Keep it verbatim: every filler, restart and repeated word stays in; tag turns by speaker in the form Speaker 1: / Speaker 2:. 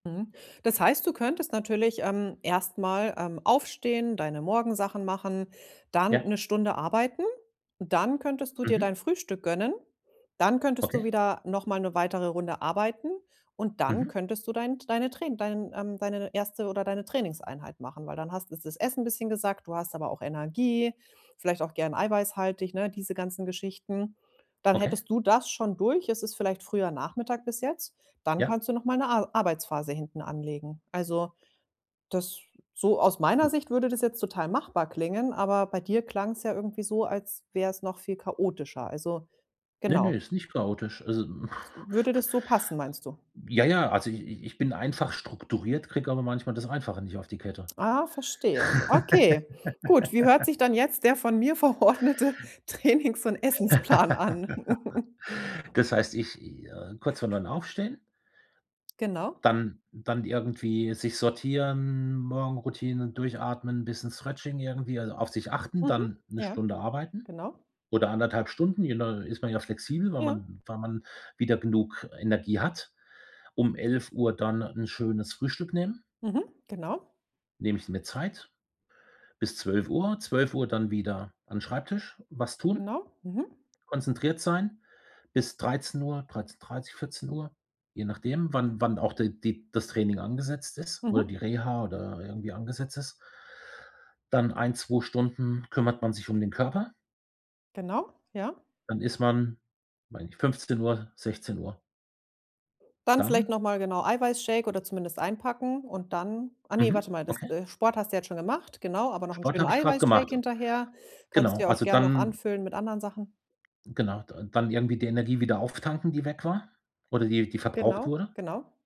Speaker 1: Mhm. Das heißt, du könntest natürlich, ähm, erst mal, ähm, aufstehen, deine Morgensachen machen, dann
Speaker 2: Ja.
Speaker 1: 'ne Stunde arbeiten. Dann könntest du dir
Speaker 2: Mhm.
Speaker 1: dein Frühstück gönnen. Dann könntest du
Speaker 2: Okay.
Speaker 1: wieder noch mal 'ne weitere Runde arbeiten. Und dann
Speaker 2: Mhm.
Speaker 1: könntest du dein deine Trai dein, ähm deine erste oder deine Trainingseinheit machen. Weil dann hast ist das Essen 'n bisschen gesackt, du hast aber auch Energie, vielleicht auch gerne eiweißhaltig, ne? Diese ganzen Geschichten. Dann
Speaker 2: Okay.
Speaker 1: hättest du das schon durch, es ist vielleicht früher Nachmittag bis jetzt, dann
Speaker 2: Ja.
Speaker 1: kannst du nochmal 'ne A Arbeitsphase hinten anlegen. Also, das so aus meiner
Speaker 2: Hm.
Speaker 1: Sicht würde das jetzt total machbar klingen, aber bei dir klang es ja irgendwie so, als wäre es noch viel chaotischer. Also
Speaker 2: Ne, ne,
Speaker 1: genau.
Speaker 2: ist nicht chaotisch. Also
Speaker 1: Würde das so passen, meinst du?
Speaker 2: ja, ja, also, i ich bin einfach strukturiert, kriege aber manchmal das Einfache nicht auf die Kette.
Speaker 1: Ah, verstehe. Okay, gut. Wie hört sich dann jetzt der von mir verordnete Trainings und Essensplan an?
Speaker 2: Das heißt, ich, äh kurz vor neun aufstehen
Speaker 1: Genau.
Speaker 2: dann dann irgendwie sich sortieren, Morgenroutine, durchatmen, bisschen Stretching irgendwie, also, auf sich achten,
Speaker 1: Mhm.
Speaker 2: dann 'ne
Speaker 1: Ja,
Speaker 2: Stunde arbeiten
Speaker 1: genau.
Speaker 2: oder anderthalb Stunden, je nach ist man ja flexibel, weil
Speaker 1: Ja.
Speaker 2: man weil man wieder genug Energie hat. Um elf Uhr dann 'n schönes Frühstück nehmen.
Speaker 1: Mhm. Genau.
Speaker 2: Nehme ich mir Zeit bis zwölf Uhr. zwölf Uhr dann wieder an Schreibtisch, was tun.
Speaker 1: Genau, mhm.
Speaker 2: Konzentriert sein bis dreizehn Uhr, dreizehn dreißig, vierzehn Uhr, je nachdem, wann wann auch der die das Training angesetzt ist oder
Speaker 1: Mhm.
Speaker 2: die Reha oder irgendwie angesetzt ist. Dann ein, zwei Stunden kümmert man sich um den Körper.
Speaker 1: Genau, ja.
Speaker 2: Dann ist man weiß nicht, fünfzehn Uhr, sechzehn Uhr.
Speaker 1: Dann vielleicht
Speaker 2: Dann
Speaker 1: noch mal, genau, Eiweißshake oder zumindest einpacken und dann ach ne,
Speaker 2: Mhm,
Speaker 1: warte mal, das,
Speaker 2: okay.
Speaker 1: äh Sport hast du jetzt schon gemacht, genau, aber noch 'n
Speaker 2: Sport
Speaker 1: schönen
Speaker 2: habe ich gerade
Speaker 1: Eiweißshake
Speaker 2: gemacht.
Speaker 1: hinterher. Kannst du
Speaker 2: Genau,
Speaker 1: ja auch
Speaker 2: also,
Speaker 1: gern noch
Speaker 2: dann
Speaker 1: anfüllen mit anderen Sachen.
Speaker 2: Genau, da dann irgendwie die Energie wieder auftanken, die weg war oder die die verbraucht
Speaker 1: Genau,
Speaker 2: wurde.
Speaker 1: genau.